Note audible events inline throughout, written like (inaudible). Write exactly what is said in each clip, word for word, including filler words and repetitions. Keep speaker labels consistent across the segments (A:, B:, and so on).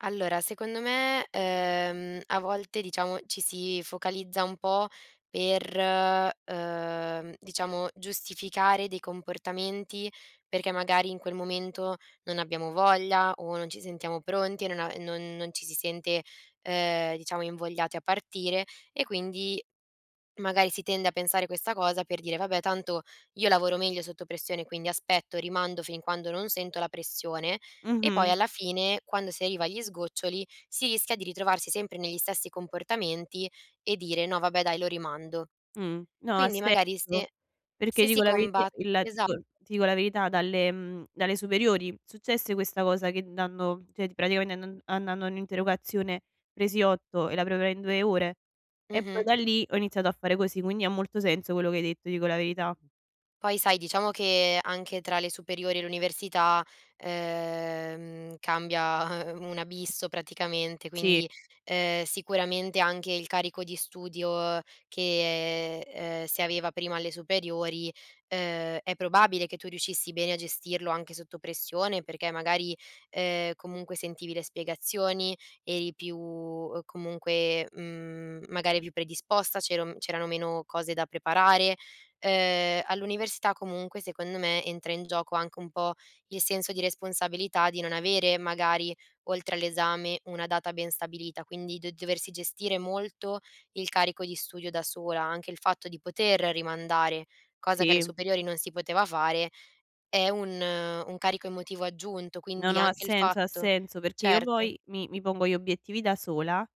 A: Allora, secondo me, ehm, a volte diciamo, ci si focalizza un po' per, uhm, diciamo giustificare dei comportamenti, perché magari in quel momento non abbiamo voglia o non ci sentiamo pronti, non a non non ci si sente, ehm, diciamo invogliati a partire e quindi magari si tende a pensare questa cosa per dire: "Vabbè, tanto io lavoro meglio sotto pressione, quindi aspetto, rimando fin quando non sento la pressione" e poi
B: Mh-mh.
A: alla fine quando si arriva agli sgoccioli, si rischia di ritrovarsi sempre negli stessi comportamenti e dire: "No, vabbè, dai lo rimando".
B: Mh. No, ha
A: Quindi
B: se
A: magari
B: so.
A: se
B: Perché
A: se si
B: dico la veritie,
A: comba
B: il la ti
A: esa
B: dico ti dico la verità, dalle, mhmm, dalle superiori successe questa cosa che dando, ceh ti praticamente andand andando a un'interrogazione presi otto e la preparai in due ore e poi
A: Mh-mh.
B: da lì ho iniziato a fare così, quindi ha molto senso quello che hai detto, ti dico la verità.
A: Poi sai, diciamo che anche tra le superiori e l'università, ehm, cambia (chuckles) un abisso praticamente,
B: Sì.
A: quindi, ehm, sicuramente anche il carico di studio che, ehm, si aveva prima alle superiori, uhm, è probabile che tu riuscissi bene a gestirlo anche sotto pressione, perché magari, ehm, comunque sentivi le spiegazioni, eri più, uhm, comunque, mhmm, magari più predisposta, c'era c'erano meno cose da preparare. Ehm, all'università comunque secondo me entra in gioco anche un po' il senso di responsabilità di non avere magari oltre all'esame una data ben stabilita, quindi d doversi gestire molto il carico di studio da sola, anche il fatto di poter rimandare, cosa che alle
B: Sì.
A: superiori non si poteva fare, è un un carico emotivo aggiunto,
B: No,
A: quindi
B: no, ha
A: anche il
B: senso, ha
A: fatto
B: senso. Perché io
A: certo.
B: poi mi mi pongo gli obiettivi da sola e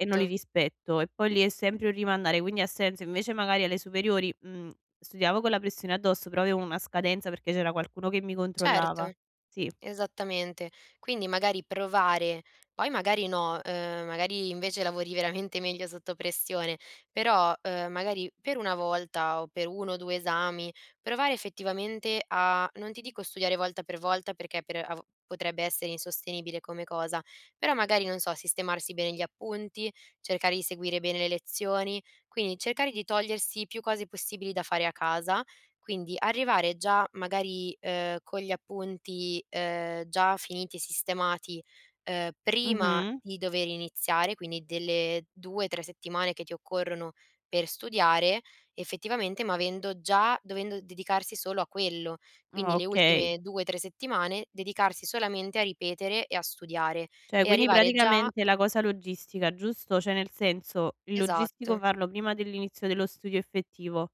B: e non li rispetto, e poi lì è sempre un rimandare, quindi ha senso. Invece magari alle superiori, mhmm, studiavo con la pressione addosso però avevo una scadenza perché c'era qualcuno che mi controllava.
A: Certo.
B: Sì.
A: Esattamente. Quindi magari provare, poi magari no, ehm, magari invece lavori veramente meglio sotto pressione. Però, uhm, magari per una volta o per uno o due esami, provare effettivamente a, non ti dico studiare volta per volta perché per av potrebbe essere insostenibile come cosa, però magari non so, sistemarsi bene gli appunti, cercare di seguire bene le lezioni, quindi cercare di togliersi più cose possibili da fare a casa, quindi arrivare già magari, ehm, con gli appunti, ehm, già finiti e sistemati, ehm, prima
B: Mh-mh.
A: di dover iniziare, quindi delle due, tre settimane che ti occorrono per studiare effettivamente, ma avendo già dovendo dedicarsi solo a quello, quindi
B: Òh,
A: le
B: okay.
A: ultime due, tre settimane dedicarsi solamente a ripetere e a studiare
B: Cioè,
A: e
B: quindi
A: arrivare già
B: praticamente la cosa logistica, giusto? Cioè nel senso, il logistico
A: Esatto.
B: farlo prima dell'inizio dello studio effettivo.